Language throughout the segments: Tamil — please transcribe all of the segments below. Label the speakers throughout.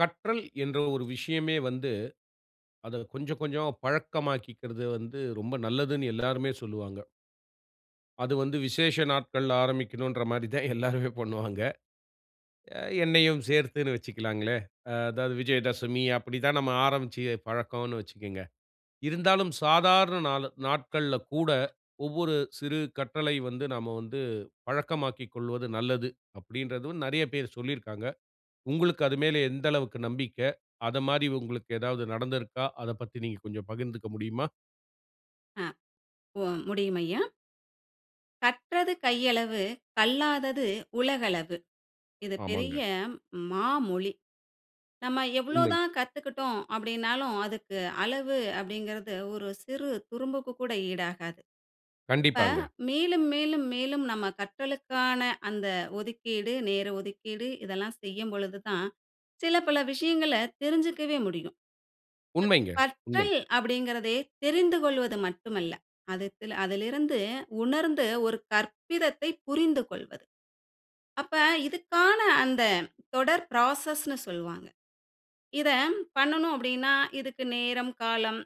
Speaker 1: கற்றல் என்ற ஒரு விஷயமே வந்து அத கொஞ்ச, கொஞ்ச பழக்கமாக்கிறது வந்து ரொம்ப நல்லதுன்னு எல்லாருமே சொல்லுவாங்க. அது வந்து விசேஷ நாட்கள்ல ஆரம்பிக்கணும்ன்ற மாரி தான் எல்லாருமே பண்ணுவாங்க. என்னையும் சேர்த்துனு வச்சுக்கலாங்களே. ஆ அதாவது விஜயதசமி அப்டி தான் நம்ம ஆரம்பிச்சு பழக்கம்னு வச்சுக்கங்க. இருந்தாலும் சாதாரண நாளு நாட்கள்ல கூட ஒவ்வொரு சிறு கட்டளை வந்து நாம வந்து பழக்கமாக்கிக் கொள்வது நல்லது, அப்டின்றதும் நெறைய பேரு சொல்லியிருக்காங்க. உங்களுக்கு அது மேல எந்த அளவுக்கு நம்பிக்க, அத மாரி உங்களுக்கு ஏதாவது நடந்திருக்கா? அதப் பத்தி நீங்க கொஞ்சம் பகிர்ந்துக்க முடியுமா?
Speaker 2: அ மு முடியும் ஐயா. கற்றது கையளவு கல்லாதது உலகளவு. இது
Speaker 1: ஆமாங்க.
Speaker 2: பெரிய மாமொழி. நம்ம எவ்வளோ
Speaker 1: உண்மை.
Speaker 2: தான் கத்துக்குட்டோம் அப்டின்னாலும், அதுக்கு அளவு அப்டிங்குறது ஒரு சிறு துரும்புக்கு கூட ஈடாகாது. இப்ப
Speaker 1: கண்டிப்பாங்க.
Speaker 2: மேலும், மேலும், மேலும் நம்ம கற்றலுக்கான அந்த ஒதுக்கீடு, நேர ஒதுக்கீடு இதெல்லாம் செய்யும் பொழுது தான், சில பல விஷயங்களை தெரிஞ்சக்கவே முடியும்.
Speaker 1: உண்மைங்க,
Speaker 2: க
Speaker 1: உண்மை.
Speaker 2: கற்றல் அப்டிங்கறதே தெரிந்து கொள்வது மட்டுமல்ல. அதுத்ல அதிலிருந்து உணர்ந்து ஒரு கற்பிதத்தை புரிந்துகொள்வது. அப்ப இதுக்கான அந்த தொடர் பிராசஸ்ணு சொல்வாங்க. இத பண்ணனும் அப்டின்னா இதுக்கு நேரம், காலம்.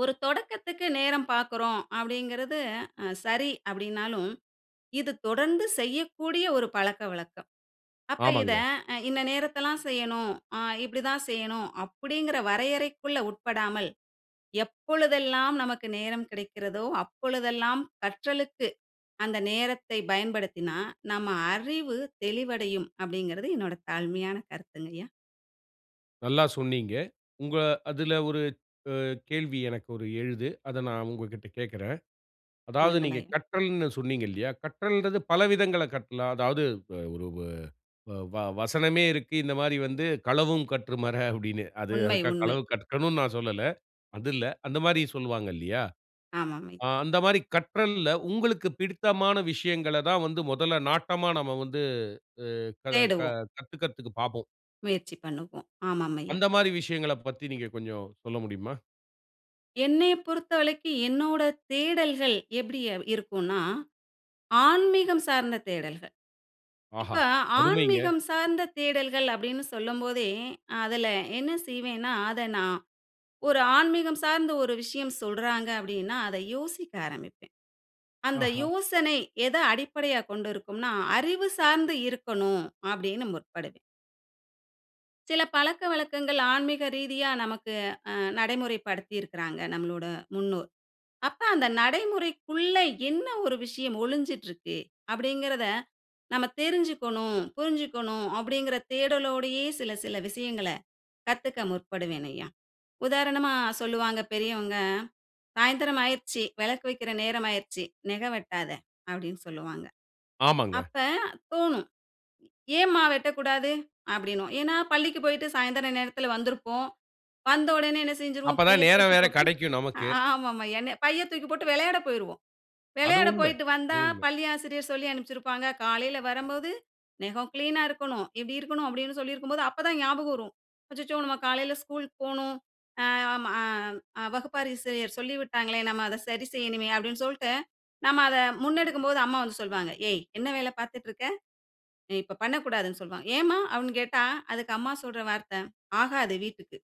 Speaker 2: ஒரு தொடக்கத்துக்கு நேரம் பார்க்குறோம் அப்டிங்குறது அ சரி அப்டினாலும், இது தொடர்ந்து செய்யக்கூடிய ஒரு பழக்கவழக்கம். அப்ப இத
Speaker 1: ஆமாங்க.
Speaker 2: இந்த நேரத்துல தான் செய்யணும். ஆ இப்டி தான் செய்யணும் அப்டிங்குற வரையறைக்குள்ள உட்படாமல், எப்பொழுதெல்லாம் நமக்கு நேரம் கிடைக்கிறதோ அப்பொழுதெல்லாம் கற்றலுக்கு அந்த நேரத்தை பயன்படுத்தினா, நம்ம அறிவு தெளிவடையும் அப்டிங்கறது என்னோட தாழ்மையான கருத்துங்கையா.
Speaker 1: நல்லா சொன்னீங்க. உங்க அதுல ஒரு அ கேள்வி எனக்கு ஒரு எழுது. அத நா உங்ககிட்ட கேக்கறேன். அதாவது நீங்க
Speaker 2: ஏண்ணங்களாயிரு
Speaker 1: கற்றல்னு சொன்னீங்க இல்லையா, கற்றல்ன்றது பல விதங்கள்ள கற்கலா. அதாவது வ ஒரு வ வா வசனமே இருக்கு. இந்த மாரி வந்து களவும் கற்று மற அப்படின்னு. அது
Speaker 2: உண்மை,
Speaker 1: அதுக்காக
Speaker 2: உண்மை.
Speaker 1: களவு கற்கனு நான் சொல்ல. அது இல்ல. அந்த மாரி சொல்வாங்க இல்லையா.
Speaker 2: ஆமாம்
Speaker 1: ஆ
Speaker 2: ஐயா.
Speaker 1: அந்த மாரி கற்றல்ல உங்களுக்கு பிடித்தமான விஷயங்களை தான் வந்து மொதல்ல நாட்டமா நம்ம வந்து அ க க
Speaker 2: தேடுவோம்.
Speaker 1: கத்துக்கிறதுக்கு பாப்போம்.
Speaker 2: முயற்சி பண்ணுவோம். ஆமாம் ஐயா.
Speaker 1: அந்த மாரி விஷயங்கள பத்தி நீங்க கொஞ்ச சொல்ல முடியுமா?
Speaker 2: என்னைய பொறுத்தவரைக்கு என்னோட தேடல்கள் எப்படியா இருக்கும்னா ஆன்மீகம் சார்ந்த தேடல்கள். இப்ப
Speaker 1: ஆஹா! அருமைங்க.
Speaker 2: ஆன்மீகம் சார்ந்த தேடல்கள் அப்படினு சொல்லம்போதே அதில என்ன செய்வேனா அத நான் ஒரு ஆன்மீகம் சார்ந்த ஒரு விஷயம் சொல்றாங்க அப்படினா அத யோசிக்க ஆரம்பிப்பே. அந்த
Speaker 1: ஆஹா!
Speaker 2: யோசனை எத அடிப்படையாக கொண்டிருக்கும்னா அறிவு சார்ந்து இருக்கனும் அப்படினு முற்படுவே. சில பழக்கவழக்கங்கள் ஆன்மீக ரீதியா நமக்கு ஆநடைமுறைப்படுத்தி இருக்கிறாங்க நம்மளுட முன்னோர். அப்ப அந்த நடைமுறைக்குள்ள என்ன ஒரு விஷயம் ஒளிஞ்சிட்டிருக்கு அப்படிங்கிறத நம்ம தெருஞ்சுக்கனு, புருஞ்சுக்கனு அப்படிங்கிற தேடலோடையே சில சில விஷயங்கள கத்துக்க முற்படுவேன் ஐயா. உதாரணமா சொல்லுவாங்க பெரியவங்க சாயந்திரம் ஆகிருச்சு விளக்கு வக்கிற நேர ஆகிருச்சு. நெக வெட்டாதே அப்படின்னு சொல்லுவாங்க.
Speaker 1: ஆமாங்க.
Speaker 2: அப்ப தோணும் "ஏம்மா வெட்டக்கூடாது". அப்படினுவோ ஏன்னா பள்ளிக்கு போயிட்டு சாயந்தர நேரத்தில வந்திருப்போம் வந்த உடனே என்ன செஞ்சுருவோ பைய
Speaker 1: அப்பதான் நேர
Speaker 2: தூக்கி
Speaker 1: வேற
Speaker 2: போட்டு
Speaker 1: கெடைக்கு நமக்கு.
Speaker 2: ஆமாம் ஐயா என்ன பைய தூக்கி போட்டு வெளையாட போயிருவோ
Speaker 1: அது
Speaker 2: வெளையாட
Speaker 1: உண்ம
Speaker 2: போய்ட்டு
Speaker 1: அது
Speaker 2: வந்தா
Speaker 1: உண்ம.
Speaker 2: பள்ளி ஆசிரியர் சொல்லி அனுப்சிருப்பாங்க. காலையில வரம்போது நெகம் கிளீன்னா இருக்கணும். இப்படி இருக்கணும் அப்படின்னு சொல்லியிருக்கும்போது அப்ப தான் ஞாபகம் வரும். "அச்சச்சோ! நாம காலையில ஸ்கூல் போகனும். அ ஆமா வகுப்பாசிரியர் சொல்லிவிட்டாங்களே நாம அத சரி செய்யனுமே" அப்படினு சொல்லிட்டு நாம அத முன்னெடுக்கும்போது அம்மா வந்து சொல்வாங்க. ஏய் என்ன வேல பார்த்துட்டு இருக்க? நீ இப்ப பண்ணக்கூடாதுனு சொல்வாங்க. "ஏம்மா" அப்படினு கேட்டா அதுக்கு அம்மா சொல்ற வார்த்த "ஆகாது வீட்டுக்கு"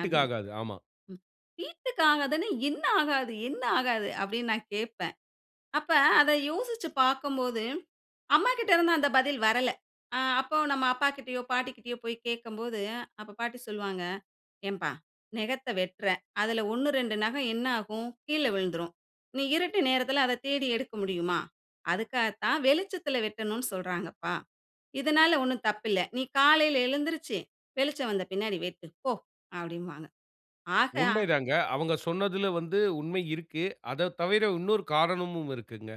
Speaker 2: அப்படினு.
Speaker 1: ஆமா.
Speaker 2: ம். "வீட்டுக்கு ஆகாதுன்னா என்ன ஆகாது என்ன ஆகாது" அப்படினு நான் கேட்பேன். அப்ப அத யோசிச்சு பாக்கும்போது அம்மாகிட்ட இருந்து அந்த பதில் வரல. ஆ அப்போ நம்ம அப்பாகிட்டயோ, பாட்டிகிட்டயோ போய் கேக்கும்போது அப்போ பாட்டி சொல்வாங்க "ஏம்பா நகத்த வெட்டுற அதில ஒண்ணு 2 நகம் என்ன ஆகும்? கீழ விழுந்துரும். நீ இருட்டு நேரத்தில அத தேடி எடுக்க முடியுமா? அதுக்காகத்தா வெளிச்சத்தில வெட்டனு சொல்றாங்கபா. இதனால ஒன்னும் தப்பு இல்ல. நீ காலையில எழுந்திருச்சி வெளிச்சம் வந்த பின்னாடி வெட்டு போ" அப்படின்பாங்க. ஆக அ.
Speaker 1: உண்மை தாங்க. அவங்க சொன்னதுல வந்து உண்மை இருக்கு. அதத் தவிர இன்னொரு காரணமும் இருக்குங்க.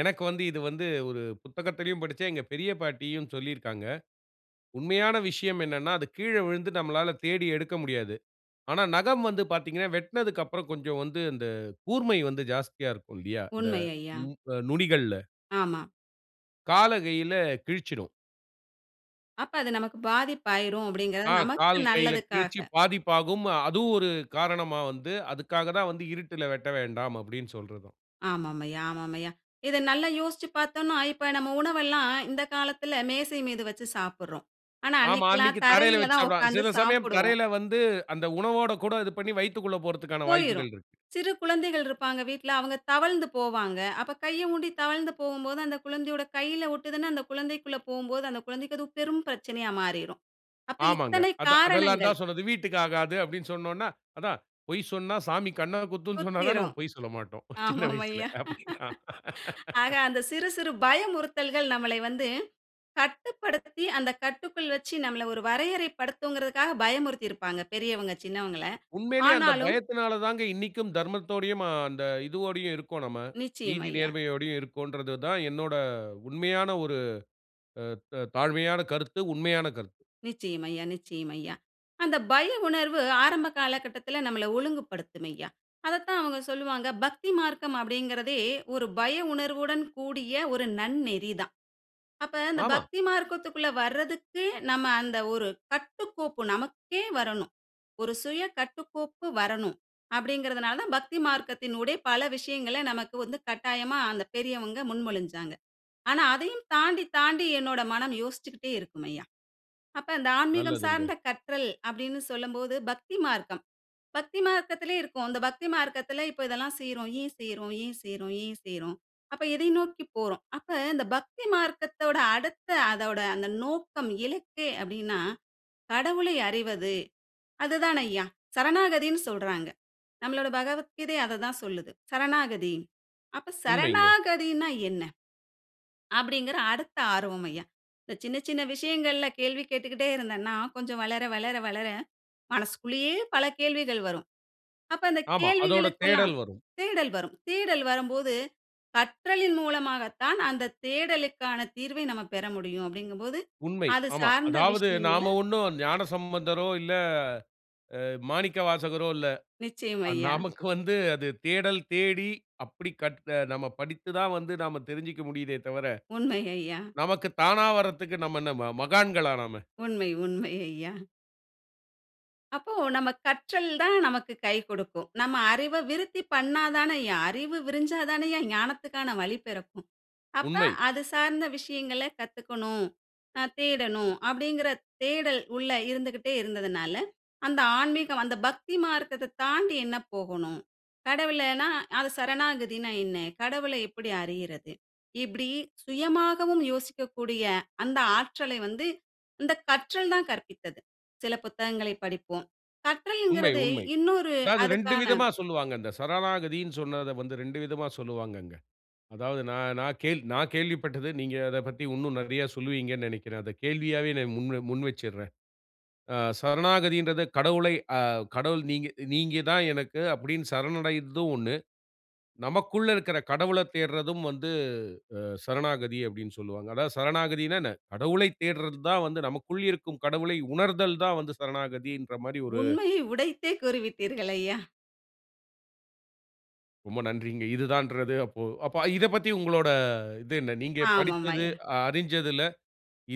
Speaker 1: எனக்கு வந்து இது வந்து ஒரு புத்தகத்திலயும் படிச்சேன். எங்க பெரிய பாட்டியும் சொல்லியிருக்காங்க. உண்மையான விஷயம் என்னன்னா அது கீழே விழுந்து நம்மளால தேடி எடுக்க முடியாது. ஆனா நகம் வந்து பாத்தீங்கன்னா வெட்னதுக்கப்புற கொஞ்சம் வந்து இந்த கூர்மை வந்து ஜாஸ்தியா இருக்கும் இல்லையா. இந்த
Speaker 2: உண்மை ஐயா.
Speaker 1: நு நுனிகள்ல.
Speaker 2: ஆமா.
Speaker 1: கால கையில கிழிச்சிடும்.
Speaker 2: அப்ப அது நமக்கு பாதிப்பு ஆயிரும் அப்டிங்கிறது
Speaker 1: ஆங்
Speaker 2: நமக்கு
Speaker 1: கால் கையில கிழிச்சி
Speaker 2: நல்லதுக்காக.
Speaker 1: பாதிப்பாகும். அதுவும் ஒரு காரணமா வந்து, அதுக்காக தான் வந்து இருட்டில வெட்ட வேண்டாம் அப்டினு சொல்றதாம்.
Speaker 2: ஆமாம் ஐயா, ஆமாம் ஐயா. இத நல்லா யோசிச்சு பாத்தோம்னா, இப்ப நம்ம உணவெல்லாம் இந்த காலத்தில மேசை மீது வச்சு சாப்பிடறோம். ஆனா
Speaker 1: ஆமா
Speaker 2: அன்னைக்குலாம்
Speaker 1: அன்னைக்கு தரையில
Speaker 2: தரையில
Speaker 1: வச்சு
Speaker 2: தான்
Speaker 1: சாப்பிடுவாங்க.
Speaker 2: உட்காந்து
Speaker 1: சில சமயம்
Speaker 2: சாப்பிடுவோம்.
Speaker 1: தரையில வந்து அந்த உணவோட கூட இது பண்ணி வயித்துக்குள்ள போறதுக்கான
Speaker 2: போயிரும்.
Speaker 1: வாய்ப்புகள் இருக்கு.
Speaker 2: சிறு குழந்தைகள் இருப்பாங்க வீட்டில. அவங்க தவழ்ந்து போவாங்க. அப்ப கைய ஊண்டி தவழ்ந்து போகும்போது, அந்த குழந்தையோட கையில ஒட்டுதுனு, அந்த குழந்தைக்குள போகும்போது அந்த குழந்தைக்கு அது பெரும் பிரச்சனையா மாறிறும். அப்ப
Speaker 1: ஆமாங்க.
Speaker 2: இத்தனை
Speaker 1: அத அதெல்லாம்
Speaker 2: காரணங்கள்.
Speaker 1: தான் சொன்னது. வீட்டுக்கு ஆகாது அப்டின்னு சொன்னோம்னா, அதான் பொய் சொன்னா சாமி கண்ண குத்தும்னு சொன்னா தான்
Speaker 2: சுத்திரும்.
Speaker 1: நம்ம பொய் சொல்ல மாட்டோம். சின்ன
Speaker 2: ஆமாம்
Speaker 1: வயசுல
Speaker 2: ஐயா.
Speaker 1: அப்டினா
Speaker 2: ஆக, அந்த சிறு சிறு பயமுறுத்தல்கள் நம்மளை வந்து கட்டுப்படுத்தி, அந்த கட்டுக்குள் வச்சு நம்மள ஒரு வரையறை படுத்தும்ங்கிறதுக்காக பயமுறுத்திருப்பாங்க பெரியவங்க சின்னவங்கள.
Speaker 1: உண்மையிலயே அந்த
Speaker 2: ஆனாலும்
Speaker 1: பயத்தினால தாங்க இன்னைக்கும் தர்மத்தோடையும், அ அந்த இதுவோடையும் இருக்கோம் நம்ம.
Speaker 2: நிச்சயம்
Speaker 1: நீதி
Speaker 2: ஐயா.
Speaker 1: நேர்மையோடையும் இருக்கோம்ன்றத தான் என்னோட உண்மையான ஒரு த தாழ்மையான கருத்து, உண்மையான கருத்து.
Speaker 2: நிச்சயம் ஐயா. நிச்சயம் ஐயா. அந்த பய உணர்வு ஆரம்ப காலகட்டத்தில நம்மல ஒழுங்குபடுத்தும் ஐயா. அத தான் அவங்க சொல்லுவாங்க, "பக்தி மார்க்கம் அப்டிங்கறதே ஒரு பய உணர்வுடன் கூடிய ஒரு நன்னெறி தான்." அப்ப அந்த
Speaker 1: ஆமா.
Speaker 2: பக்தி மார்க்கத்துக்குள்ள வர்றதுக்கு, நம்ம அந்த ஒரு கட்டுக்கோப்பு நமக்கே வரணும். ஒரு சுய கட்டுக்கோப்பு வரணும். அப்டிங்கறதுனால தான் பக்தி மார்க்கத்தனுடைய பல விஷயங்கள நமக்கு வந்து கட்டாயமா அந்த பெரியவங்க முன்மொழிஞ்சாங்க. ஆனா அதையும் தாண்டி, தாண்டி என்னோட மனம் யோசிச்சுகிட்டே இருக்கும் ஐயா. அப்ப அந்த ஆன்மீகம்
Speaker 1: நல்லதுங்க.
Speaker 2: சார்ந்த கற்றல் அப்டினு சொல்லும்போது பக்தி மார்க்கம். பக்தி மார்க்கத்திலே இருக்கும். இந்த பக்தி மார்க்கத்தில இப்ப இதெல்லாம் செய்றோம். ஏன் செய்றோம்? ஏன் செய்றோம்? ஏன் செய்றோம்? அப்ப எதை நோக்கி போறோம்? அப்ப இந்த பக்தி மார்க்கத்தோட அடுத்த அதோட அந்த நோக்கம், இலக்கு அப்டினா கடவுளை அறிவது அது தான் ஐயா, சரணாகதினு சொல்றாங்க. நம்மளோட பகவத்கீதை அத தான் சொல்லுது. சரணாகதி. அப்ப
Speaker 1: உண்மைங்க.
Speaker 2: சரணாகதினா என்ன? அப்டிங்கற அடுத்த ஆர்வம் ஐயா. இந்த சின்ன சின்ன விஷயங்களில கேள்வி கேட்டுகிட்டே இருந்தனா கொஞ்சம் வளர வளர வளர மனசுக்குள்ளயே பல கேள்விகள் வரும். அப்ப அந்த
Speaker 1: ஆமா. அதோட
Speaker 2: கேள்விகளுக்கெல்லாம்
Speaker 1: தேடல் வரும்.
Speaker 2: தேடல் வரும். தேடல் வரும்போது, கற்றலின் மூலமாக தான் அந்த தேடலுக்கான தீர்வை நம்ம பெற முடியும் அப்டிங்கம்போது
Speaker 1: உண்மை
Speaker 2: அது
Speaker 1: ஆமா.
Speaker 2: சார்ந்த
Speaker 1: அதாவது
Speaker 2: விஷயங்கள
Speaker 1: நாம ஒண்ணும் ஞானசம்பந்தரோ, இல்ல அ மாணிக்கவாசகரோ இல்ல.
Speaker 2: நிச்சயம் ஐயா.
Speaker 1: நமக்கு வந்து அது தேடல் தேடி அப்டி கற்ற நம்ம படித்து தான் வந்து நாம தெரிஞ்சுக்க முடியுதே தவிர,
Speaker 2: உண்மை ஐயா.
Speaker 1: நமக்கு தானா வர்றதுக்கு நம்ம என்ன ம மகான்களா நாம?
Speaker 2: உண்மை. உண்மை ஐயா. அப்போ நம்ம கற்றல் தான் நமக்கு கை குடுக்கும். நம்ம அறிவ விருத்தி பண்ண தானேய்யா அறிவு விரிஞ்சா தானேயா ஞானத்துக்கான வழி பிறக்கும்! அப்ப,
Speaker 1: உண்மை.
Speaker 2: "அது சார்ந்த விஷயங்கள கத்துக்கணும், ஆ தேடணும்" அப்டிங்குற தேடல் உள்ள இருந்துக்கிட்டே இருந்ததுனால, அந்த ஆன்மீகம் "அந்த பக்திமார்க்கத்த தாண்டி என்ன போகணும்? கடவுளனா அது சரணாகதினா என்ன? கடவுளை எப்டி அறியிறது?" இப்டி சுயமாகவும் யோசிக்கக்கூடிய, அந்த ஆற்றலை வந்து, இந்த கற்றல் தான் கற்பித்தது. சில புத்தகங்களை படிப்போம்.
Speaker 1: உண்மை,
Speaker 2: கற்றல்ங்குறது
Speaker 1: உண்மை.
Speaker 2: இன்னொரு
Speaker 1: அதாவது 2
Speaker 2: அதுக்கான
Speaker 1: விதமா சொல்வாங்க. இந்த சரணாகதின்னு சொன்னத வந்து 2 விதமா சொல்லுவாங்கங்க. அதாவது நான் நான் கேள் நான் கேள்விப்பட்டது, நீங்க அதப் பத்தி இன்னும் நெறைய சொல்லுவீங்கணு நெனைக்கிறேன். அத கேள்வியாவே நான் முன் வ முன் வச்சர்றேன். ஆ சரணாகதின்றத கடவுளை ஆ கடவுள் "நீங்க நீங்க தான் எனக்கு" அப்டின் சரணடைற்தும் 1. "நமக்குள்ள இருக்குற கடவுளத் தேடுறதும் வந்து, அ சரணாகதி" அப்டின்னு சொல்வாங்க. அதாவது சரணாகதினா என்ன? கடவுளைத் தேடுறது தான் வந்து நமக்குள் இருக்கும் கடவுளை உணர்தல் தான் வந்து சரணாகதின்ற மாரி ஒரு
Speaker 2: உண்மையை உடைத்தே கூறிவிட்டீர்கள் ஐயா.
Speaker 1: ரொம்ப நன்றிங்க. இதுதான்றது அப்போ அப்ப இதைப் பத்தி உங்கலோட அ இது என்ன? நீங்க
Speaker 2: ஆமாம்
Speaker 1: படித்தது
Speaker 2: ஐயா.
Speaker 1: அ அரிஞ்சதில,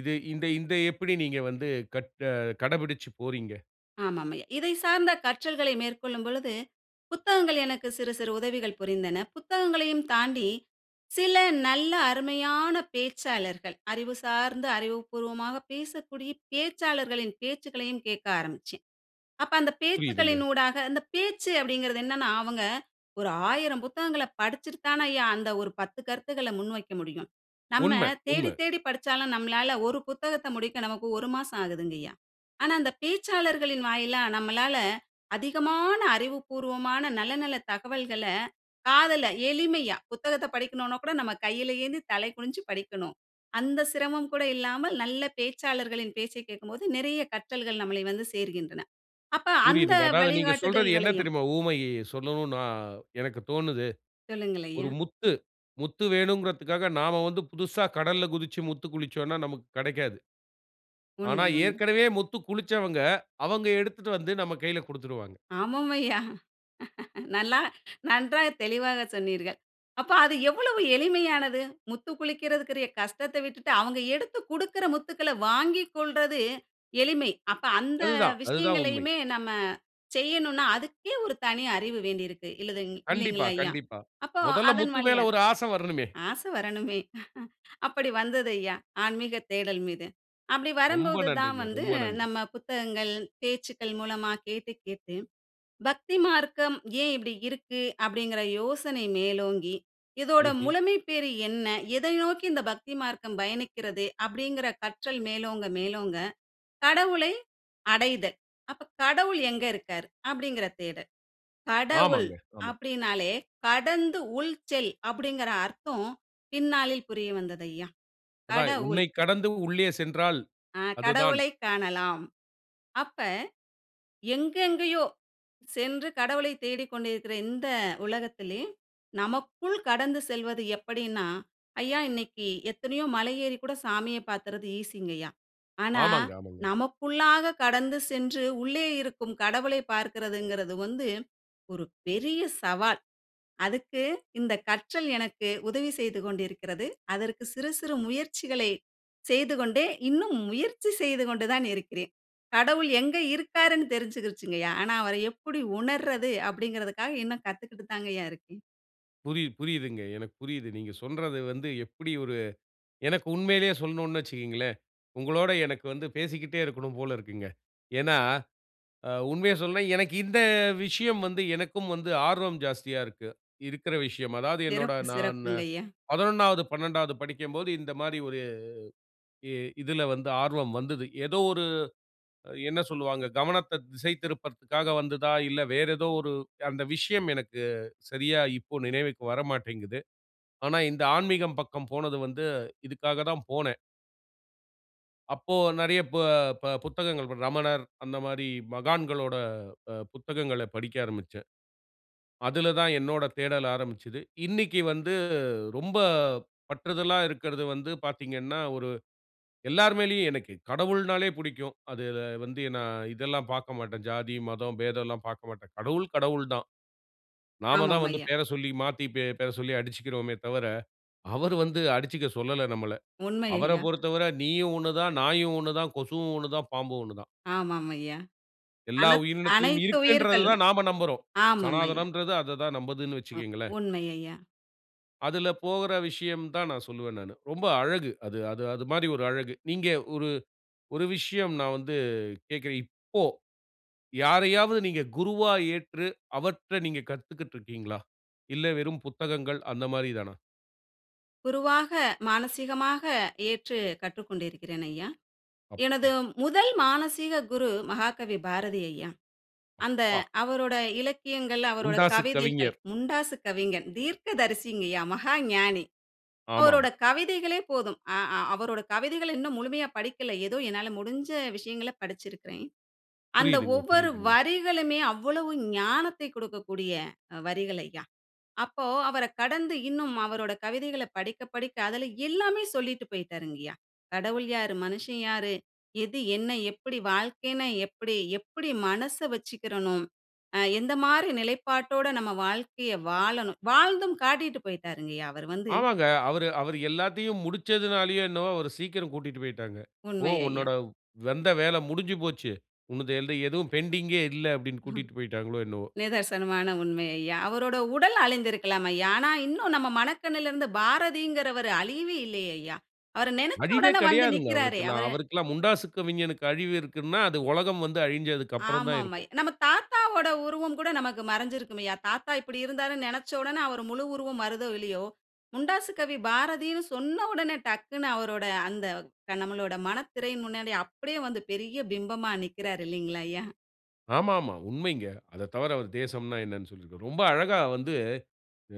Speaker 1: இது இந்த இந்த எப்படி நீங்க வந்து கற் அ கடைபிடிச்சு போறீங்க?
Speaker 2: ஆமாம் ஐயா. இதை சார்ந்த கற்றல்களை மேற்கொள்ளும் பொழுது, புத்தகங்கள் எனக்கு சிறு சிறு உதவிகள் புரிந்தன. புத்தகங்களையும் தாண்டி சில நல்ல அருமையான பேச்சாளர்கள், அறிவு சார்ந்த அறிவுபூர்வமாக பேசக்கூடிய பேச்சாளர்களின் பேச்சுக்களையும் கேக்க ஆரம்பிச்சேன். அப்ப அந்த
Speaker 1: புரிதுங்க.
Speaker 2: பேச்சுக்களின் ஊடாக அந்த பேச்சு அப்படிங்கிறது என்னான்னா, அவுங்க ஒரு 1000 புத்தகங்கள படிச்சுட்டு தான் ஐயா, அந்த ஒரு 10 கருத்துக்கள முன்வைக்க முடியும். நம்ம
Speaker 1: உண்ம,
Speaker 2: தேடி
Speaker 1: உண்ம.
Speaker 2: தேடி படிச்சாலும், நம்மளால ஒரு புத்தகத்த முடிக்க நமக்கு 1 மாசம் ஆகுதுங்கய்யா. ஆனா அந்த பேச்சாளர்களின் வாயிலா நம்மளால அதிகமான அறிவுபூர்வமான நல்ல நல்ல தகவல்கள, காதுல எளிமையா. புத்தகத்தை படிக்கனுன்னா கூட நம்ம கையில ஏந்தி தலை குனிஞ்சு படிக்கணும், அந்த சிரமம் கூட இல்லாமல் நல்ல பேச்சாளர்களின் பேச்சை கேட்கும்போது நிறைய கற்றல்கள் நம்மளை வந்து சேர்கின்றன. அப்ப அந்த
Speaker 1: புரியுதுங்க. அதாவது நீங்க சொல்றது என்ன
Speaker 2: வழிகாட்டுதல்களையும்.
Speaker 1: தெரியுமா? உவமயைய சொல்லணுன்னா எனக்கு தோணுது.
Speaker 2: சொல்லுங்கள்
Speaker 1: ஒரு
Speaker 2: ஐயா!
Speaker 1: முத்து முத்து வேணுங்குறதுக்காக நாம வந்து புதுசா கடல்ல குதிச்சு முத்து குளிச்சோன்னா நமக்கு கிடைக்காது. ஆனா
Speaker 2: உண்மை, உண்மை.
Speaker 1: ஏற்கனவே முத்துக் குளிச்சவங்க அவங்க எடுத்துட்டு வந்து நம்ம கைல குடுத்துருவாங்க.
Speaker 2: ஆமாம் ஐயா. நல்லா நன்றாக தெளிவாக சொன்னீர்கள். அப்ப அது எவ்வளவு எளிமையானது, முத்துக்குளிக்குரியதுக்குரிய கஷ்டத்த விட்டுட்டு, அவுங்க எடுத்து குடுக்குற முத்துக்கள வாங்கிக்கொள்றது எளிமை. அப்ப அந்த
Speaker 1: அதுதான், அதுதான் உண்மை.
Speaker 2: விஷயங்களையுமே நம்ம செய்யணுன்னா, அதுக்கே ஒரு தனி அறிவு வேண்டி இருக்கு இல்லதுங்
Speaker 1: கண்டிப்பா,
Speaker 2: இல்லைங்களா ஐயா.
Speaker 1: கண்டிப்பா.
Speaker 2: அப்போ
Speaker 1: மொதல்ல
Speaker 2: அதன்
Speaker 1: முத்து மேல
Speaker 2: வழியாக,
Speaker 1: ஒரு ஆசை வரனுமே.
Speaker 2: ஆசை வரணுமே, அப்படி வந்தது ஐயா ஆன்மீக தேடல் மீது. அப்டி
Speaker 1: ரொம்ப
Speaker 2: வரும்போது தான்
Speaker 1: நன்றுங்க.
Speaker 2: வந்து
Speaker 1: ரொம்ப நன்று.
Speaker 2: நம்ம புத்தகங்கள் பேச்சுக்கள் மூலமா கேட்டு கேட்டு, "பக்தி மார்க்கம் ஏன் இப்படி இருக்கு?" அப்டிங்குற யோசனை மேலோங்கி, "இதோட
Speaker 1: ம்ஹ்ம்.
Speaker 2: முழுமை பேரு என்ன? எதை நோக்கி இந்த பக்தி மார்க்கம் பயணிக்கிறது" அப்டிங்குற கற்றல் மேலோங்க மேலோங்க, கடவுளை அடைதல். "அப்ப கடவுள் எங்க இருக்காரு" அப்டிங்குற தேடல். கடவுள்
Speaker 1: ஆமாங்க. ஆமா.
Speaker 2: அப்டின்னாலே கடந்து உள் செல் அப்படிங்குற அர்த்தம் பின்னாளில் புரிய வந்தது ஐயா.
Speaker 1: அதான்,
Speaker 2: கடவுள்
Speaker 1: உன்னைக் கடந்து உள்ளே சென்றால்
Speaker 2: ஆ
Speaker 1: அதுதான்.
Speaker 2: கடவுளைக் காணலாம். அப்ப எங்க எங்கேயோ சென்று கடவுளைத் தேடிக்கொண்டு இருக்கிற இந்த உலகத்திலே, நமக்குள் கடந்து செல்வது எப்படின்னா ஐயா, இன்னைக்கு எத்தனையோ மலை ஏறி கூட சாமிய பாத்துர்ரது ஈசிங்கய்யா, ஆனா,
Speaker 1: ஆமாங்க, ஆமாங்க.
Speaker 2: நமக்குள்ளாக கடந்து சென்று உள்ளே இருக்கும் கடவுளை பார்க்கிறதுங்குறது வந்து ஒரு பெரிய சவால். அதுக்கு இந்த கற்றல் எனக்கு உதவி செய்து கொண்டு இருக்கிறது. அதற்கு சிறு சிறு முயற்சிகளை செய்துகொண்டே இன்னும் முயற்சி செய்துகொண்டு தான் இருக்கிறேன். கடவுள் எங்க இருக்காருன்னு தெரிஞ்சுக்கிருச்சுங்கய்யா. ஆனா அவர எப்படி உணர்றது அப்படிங்குறதுக்காக இன்னும் காத்துக்கிட்டுக்கு தாங்கய்யா தான் இருக்கேன.
Speaker 1: புரியுது புரியுதுங்க. எனக்கு புரியுது. நீங்க சொல்றது வந்து எப்டி ஒரு எனக்கு உண்மையிலயே சொல்லனுன்னு வச்சுக்கோங்களேன், உங்களோட எனக்கு வந்து பேசிக்கிட்டே இருக்கனும் போல இருக்குங்க. ஏன்னா அ உண்மைய சொல்லனுன்னா எனக்கு இந்த விஷயம் வந்து, எனக்கும் வந்து ஆர்வம் ஜாஸ்தியா இருக்கு இருக்ற விஷயம். அதாவது என்னோட
Speaker 2: சிறப்பு,
Speaker 1: நான்
Speaker 2: சிறப்புங்க ஐயா.
Speaker 1: 11வது, 12வது படிக்கம்போது இந்த மாரி ஒரு இ இதுல வந்து ஆர்வம் வந்தது. ஏதோ ஒரு என்ன சொல்வாங்க, கவனத்த திசை திருப்புறதுக்காக வந்ததா இல்ல, வேற ஏதோ ஒரு அந்த விஷயம் எனக்கு சரியா இப்போ நினைவுக்கு வரமாட்டேங்குது. ஆனா இந்த ஆன்மீகம் பக்கம் போனது வந்து இதுக்காக தான் போனேன். அப்போ நெறைய ப ப புத்தகங்கள் ரமணர், அந்த மாரி மகான்களோட அ புத்தகங்களப் படிக்க ஆரம்பிச்சேன். அதுல தான் என்னோட தேடல் ஆரம்பிச்சது. இன்னைக்கி வந்து ரொம்ப பற்றுதலா இருக்குறது வந்து பார்த்தீங்கன்னா, ஒரு எல்லார் மேலயும் எனக்கு கடவுள்னாலே புடிக்கும். அதுல வந்து நான் இதெல்லாம் பார்க்க மாட்டேன். ஜாதி, மதம், பேதம் எல்லாம் பார்க்க மாட்டேன். கடவுள் கடவுள் தான். நாம தான்
Speaker 2: ஆமாம்,
Speaker 1: வந்து
Speaker 2: ஐயா.
Speaker 1: பேர சொல்லி, மாத்தி பேர சொல்லி அடிச்சிக்கிறோமே தவிர, அவரு வந்து அடிச்சுக்க சொல்லல நம்மள.
Speaker 2: உண்மை,
Speaker 1: அவர
Speaker 2: ஐயா.
Speaker 1: பொறுத்தவர நீயும் ஒண்ணு தான், நாயும் ஒண்ணு தான், கொசுவும் ஒண்ணு தான், பாம்பும் ஒண்ணு தான்.
Speaker 2: ஆமாம் ஐயா.
Speaker 1: எல்லா
Speaker 2: அனத்
Speaker 1: உயிரினத்திலும்
Speaker 2: அனைத்து
Speaker 1: இருக்குன்றத
Speaker 2: உயிர்களும்.
Speaker 1: தான் நாம நம்புறோம்.
Speaker 2: ஆமாம் ஐயா.
Speaker 1: சனாதனம்ன்றது அத தான் நம்புதுன்னு
Speaker 2: அ
Speaker 1: வச்சுக்கோங்களேன்.
Speaker 2: உண்மை ஐயா.
Speaker 1: அதில போகுற விஷயம் தான் நான் சொல்வேன் நானு. ரொம்ப அழகு. அது -அது -அது மாரி ஒரு அழகு. நீங்க ஒரு ஒரு விஷயம் நான் வந்து கேட்கிறேன். இப்போ யாரையாவது நீங்க குருவா ஏற்று அவர்ட்ட நீங்க கத்துக்கிட்டு இருக்கிங்களா? இல்ல வெறும் புத்தகங்கள் அந்த மாரி தானா?
Speaker 2: குருவாக மானசீகமாக ஏற்று கற்றுக்கொண்டு இருக்கிறேன், ஐயா. எனது
Speaker 1: அப்பா!
Speaker 2: முதல் மானசீக குரு மகாகவி பாரதி ஐயா. அந்த
Speaker 1: அப்பா!
Speaker 2: அவரோட இலக்கியங்கள், அவரோட
Speaker 1: முண்டாசுக்
Speaker 2: கவிதைகள்
Speaker 1: கவிஞர்.
Speaker 2: முண்டாசு கவிஞன், தீர்க்கதரிசிங்க ஐயா மகா ஞானி அவரோட
Speaker 1: ஆமாமா.
Speaker 2: கவிதைகளே போதும். அ அ அவரோட கவிதைகள் இன்னும் முழுமையா படிக்கல. ஏதோ என்னால முடிஞ்ச விஷயங்களை படிச்சுருக்கிறேன். அந்த
Speaker 1: புரியிதுங்க,
Speaker 2: ஒவ்வொரு
Speaker 1: புரியிதுங்க.
Speaker 2: வரிகளுமே அவ்வளவு ஞானத்தை கொடுக்கக்கூடிய வரிகள் ஐயா. அப்போ அவர கடந்து இன்னும் அவரோட கவிதைகள படிக்க படிக்க அதில எல்லாமே சொல்லிட்டு போயிட்டார்ங்கையா. "கடவுள் யாரு? மனுஷன் யாரு? எது என்ன? எப்படி வாழ்க்கைன்னா எப்படி? எப்படி மனச வச்சுக்கிறணும்? அ எந்த மாரி நிலைப்பாட்டோட நம்ம வாழ்க்கையை வாழணும்?" வாழ்ந்தும் காட்டிட்டு போயிட்டாருங்கையா. அவரு வந்து.
Speaker 1: ஆமாங்க. அவரு அவரு எல்லாத்தையும் முடிச்சதுனாலையோ, என்னவோ அவர சீக்கிரம் கூட்டிட்டு போயிட்டாங்க. போ
Speaker 2: உண்மை
Speaker 1: "உன்னோட
Speaker 2: ஐயா.
Speaker 1: வந்த வேல முடிஞ்சு போச்சு. உன்னது எது எதுவும் பெண்டிங்கே இல்லை" அப்படின்னு கூட்டிட்டு போயிட்டாங்களோ என்னவோ.
Speaker 2: நிதர்சனமான உண்மை ஐயா. அவரோட உடல் அழிந்து இருக்கலாம் ஐயா. ஆனா இன்னும் நம்ம மனக்கண்ணுல இருந்து பாரதிங்குறவரு அழியவே இல்லை ஐயா. அவரு நெனைச்ச
Speaker 1: அழிவே
Speaker 2: உடனே வந்து
Speaker 1: கெடையாதுங்க
Speaker 2: நிற்கிறாரே
Speaker 1: அவருக்குல்லாம்.
Speaker 2: அவரு
Speaker 1: அவருக்குல்லாம் முண்டாசு கவிஞனுக்கு அழிவு இருக்குன்னா, அது உலகம் வந்து அழிஞ்சுதுக்கு அப்புறம் தான்
Speaker 2: ஆமாம் ஐ
Speaker 1: இருக்கும்.
Speaker 2: நம்ம தாத்தாவோடஉருவம் கூட நமக்கு மறைஞ்சு இருக்கும்யா. தாத்தா இப்டி இருந்தாருன்னு நெனைச்ச உடனே அவரு முழு உருவம் வருதோ இல்லையோ, முண்டாசு கவி பாரதின்னு சொன்ன உடனே டக்ன்னு, அவரோட அந்த க நம்மளோட மனத்திரையின் முன்னாடி அப்டியே வந்து, பெரிய பிம்பமா நிக்குறாரு இல்லைங்ளா? ஐயா.
Speaker 1: ஆமாமா, உண்மைங்க. அதத் தவிர, அவரு தேசம்ன்ன என்ன சொல்லியிருந்தார். ரொம்ப அழகா வந்து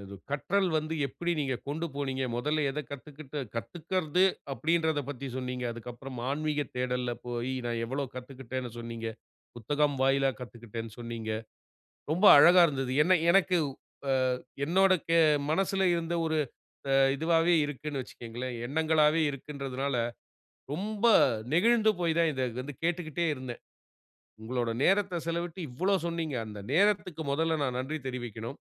Speaker 1: அது கற்றல் வந்து எப்படி நீங்க கொண்டு போனீங்க. மொதல்ல எதக் கத்துக்குட்டு கத்துக்கறது அப்படின்றதப் பத்தி சொன்னீங்க. அதுக்கு அப்புறம் ஆன்மீக தேடல்ல போய், நான் எவ்வளோ கத்துக்குட்டேன்னு சொன்னீங்க. புத்தகம் வாயிலா கத்துக்குட்டேன்னு சொன்னீங்க. ரொம்ப அழகா இருந்தது. என்ன எனக்கு அ என்னோட கே மனசுல இருந்த ஒரு அ இதுவாவே இருக்குன்னு வச்சுக்கோங்களேன், எண்ணங்களாவே இருக்குன்றதனால, ரொம்ப நெகிழ்ந்து போய் தான், இத வந்து கேட்டுக்கிட்டே இருந்தேன். உங்களோட நேரத்தை செலவிட்டு இவ்வளோ சொன்னீங்க. அந்த நேரத்துக்கு முதல்ல நான் நன்றி தெரிவிக்கணும்.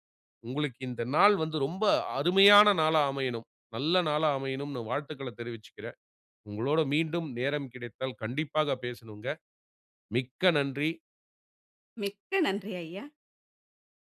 Speaker 1: உங்களுக்கு இந்த நாள் வந்து ரொம்ப அருமையான நாளா அமையனும். நல்ல நாளா அமையனும் வாழ்த்துக்கள தெரிவிச்சுக்குறேன். உங்களோட மீண்டும் நேரம் கிடைத்தால் கண்டிப்பாக பேசணும்ங்க. மிக்க நன்றி.
Speaker 2: மிக்க நன்றி ஐயா.